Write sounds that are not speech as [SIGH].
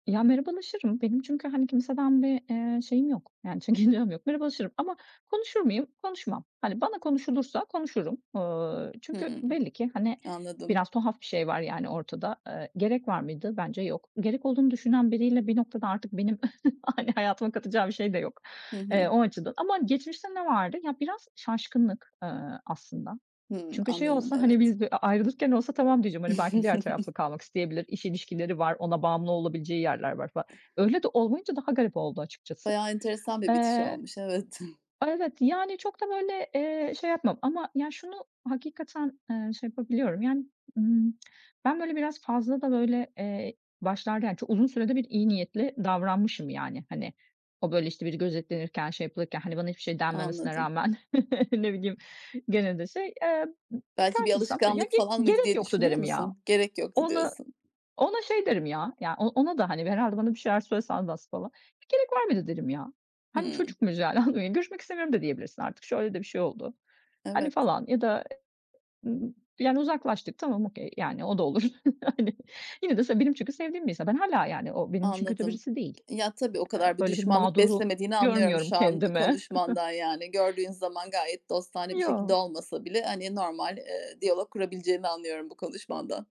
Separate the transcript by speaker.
Speaker 1: Ya, merhabalaşırım. Benim çünkü, hani, kimseden bir, eee, şeyim yok, yani çekincem yok, merhabalaşırım ama konuşur muyum? Konuşmam. Hani bana konuşulursa konuşurum. Iıı, çünkü
Speaker 2: Hımm.
Speaker 1: belli ki hani
Speaker 2: Anladım.
Speaker 1: biraz tuhaf bir şey var yani ortada. Eee, gerek var mıydı? Bence yok. Gerek olduğunu düşünen biriyle bir noktada artık benim [CHUCKLES] hani hayatıma katacağı bir şey de yok
Speaker 2: Hı
Speaker 1: ,eee,
Speaker 2: hı.
Speaker 1: o açıdan. Ama geçmişte ne vardı? Ya, biraz şaşkınlık, ııı, aslında.
Speaker 2: Hımm.
Speaker 1: Çünkü şey
Speaker 2: Anladım,
Speaker 1: olsa, hani,
Speaker 2: evet.
Speaker 1: biz bir a a ayrılırken olsa "Tamam." diyeceğim, hani, belki diğer
Speaker 2: [CHUCKLES]
Speaker 1: tarafla kalmak isteyebilir, iş ilişkileri var, ona bağımlı olabileceği yerler var fa öyle de olmayınca daha garip oldu açıkçası.
Speaker 2: Bayağı enteresan bir bitiş
Speaker 1: Eee
Speaker 2: olmuş, evet. [CHUCKLES]
Speaker 1: Evet, yani çok da böyle, eee, şey yapmam ama ya şunu hakikaten, eee, şey yapabiliyorum yani, ımm, ben böyle biraz fazla da, böyle, eee, başlarda yani çok uzun sürede bir iyi niyetli davranmışım yani, hani, o, böyle, işte, biri gözetlenirken şey yapılırken, hani, bana hiçbir şey denmemesine
Speaker 2: Anladım.
Speaker 1: rağmen [CHUCKLES] ne bileyim gene de şey Eee, bir
Speaker 2: Belki bir
Speaker 1: karşılaşırsam, "Ya,
Speaker 2: alışkanlık
Speaker 1: ge
Speaker 2: falan mıydı
Speaker 1: gerek
Speaker 2: diye
Speaker 1: yoktu."
Speaker 2: düşünüyor
Speaker 1: derim ya.
Speaker 2: musun? "Gerek yoktu"
Speaker 1: Ona
Speaker 2: diyorsun.
Speaker 1: ona şey derim ya ya o ona da hani herhâlde bana bir şeyler söylese anlatsa falan. "Gerek var mıydı?" derim ya. Hani,
Speaker 2: Hımm.
Speaker 1: çocuk muyuz yani, anladın mı? "Görüşmek istemiyorum." da diyebilirsin artık, şöyle de bir şey oldu, hani
Speaker 2: Evet.
Speaker 1: falan ya da, ımm, yani uzaklaştık, tamam, okay yani o da olur [CHUCKLES] hani. Yine de benim çünkü sevdiğim bir insan. Ben hâlâ yani o benim için kötü
Speaker 2: Anladım.
Speaker 1: birisi değil.
Speaker 2: Ya, tabii, o
Speaker 1: Eee,
Speaker 2: kadar bir
Speaker 1: böyle bir
Speaker 2: düşmanlık
Speaker 1: mağduru
Speaker 2: beslemediğini anlıyorum
Speaker 1: görmüyorum
Speaker 2: şu an
Speaker 1: kendime.
Speaker 2: konuşmandan yani.
Speaker 1: [CHUCKLES]
Speaker 2: Gördüğün zaman gayet dostane bir şekilde
Speaker 1: Yo.
Speaker 2: olmasa bile, hani, normal, eee, diyalog kurabileceğini anlıyorum bu konuşmandan.